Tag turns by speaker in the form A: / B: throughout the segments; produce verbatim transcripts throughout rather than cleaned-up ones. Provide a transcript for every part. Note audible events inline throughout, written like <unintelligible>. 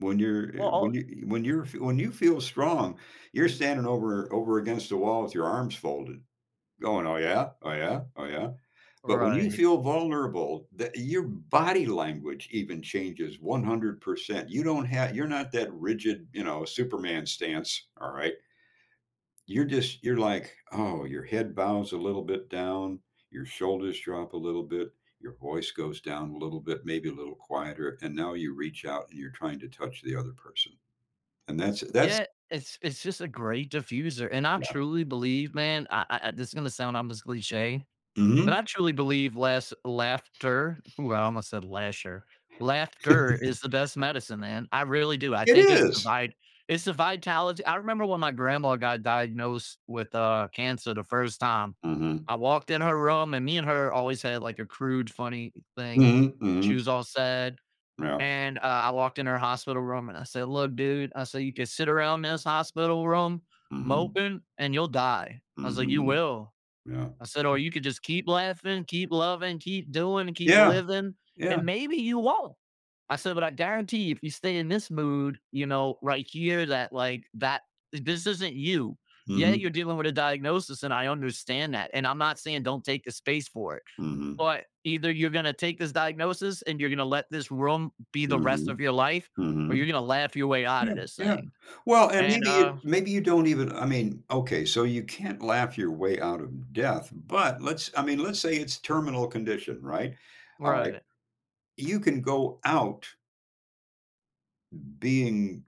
A: When you're eh, when
B: Well
A: you when you're when you feel strong, you're standing over over against the wall with your arms folded going, "Oh, yeah, oh, yeah, oh, yeah." But when you
B: Right.
A: feel vulnerable, the your body language even changes one hundred percent. You don't ha you're not that rigid, you know, Superman stance, all right? You're just you're like, "Oh" your head bows a little bit down, your shoulders drop a little bit, your voice goes down a little bit, maybe a little quieter, and now you reach out and you're trying to touch the other person. And that's that's
B: Yeah. It's it's just a great diffuser, and I
A: Yeah.
B: truly believe, man I I I this is gonna sound almost cliche, but
A: Mhm.
B: I truly believe less laughter ooh, I almost said lasher laughter is the best medicine, man. I really
A: <chuckles>
B: do. I
A: It
B: think it's the
A: is!
B: vibe it's the vitali I remember when my grandma got diagnosed with, uh, cancer the first time.
A: Mhm.
B: I walked in her room and me and her always had, like, a crude, funny thing
A: Mhm,
B: she
A: mhm.
B: was all sad,
A: Yeah.
B: and I I walked in her hospital room, and I said, "Look, dude." I said, "You could sit around in this hospital room
A: Mhm.
B: moping, and you'll die." I was like, "You
A: Mhm.
B: will."
A: Yeah.
B: I said, "Or you could just keep laughing, keep loving, keep doing, and keep
A: Yeah.
B: living,
A: Yeah.
B: and maybe you won't." I said, "But I guarantee you, if you stay in this mood, you know, right here, that, like, that this isn't you. Yeah,
A: Mhm.
B: you're dealing with a diagnosis, and I understand that, and I'm not saying don't take the space for it.
A: Mhm.
B: But either you're gonna take this diagnosis and you're gonna let this room be the rest
A: Mhm.
B: of your life, or you're
A: Mhm.
B: gonna laugh your way out
A: Yeah,
B: of this
A: yeah.
B: thing."
A: Well, and
B: And,
A: maybe you
B: uh
A: maybe you don't even I mean okay, so you can't laugh your way out of death, but let's I mean, let's say it's terminal condition, right? Alright.
B: Right.
A: You can go out being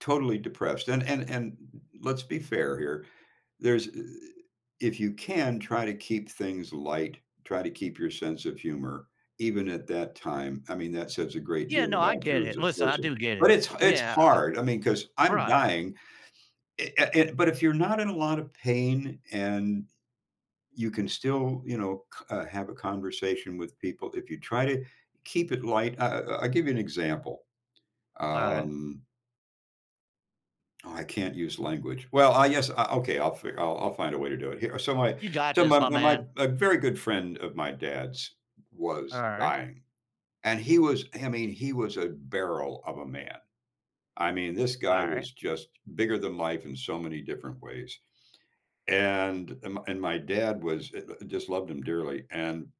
A: totally depressed, and and and let's be fair here, there's i if you can try to keep things light, try to keep your sense of humor, even at that time, I mean, that says a great
B: Yeah,
A: deal
B: no, I
A: about
B: get
A: Jews,
B: it.
A: of
B: Listen, I
A: course.
B: do get
A: But
B: it.
A: it's it's
B: Yeah.
A: hard. I mean, 'cause I'm
B: Right.
A: dying, e uh, e but if you're not in a lot of pain and you can still, you know, c have a conversation with people, if you try to keep it light I I I'll give you an example,
B: Alright.
A: um oh, I can't use language. Well, I guess, uh, okay. I'll f I'll find a way to do it here. So my
B: You got
A: so
B: this,
A: my
B: my
A: my
B: man.
A: a very good friend of my dad's was
B: Alright.
A: dying. And he was I mean, he was a barrel of a man. I mean, this guy
B: Alright.
A: was just bigger than life in so many different ways. And m and my dad was <unintelligible> just loved him dearly, and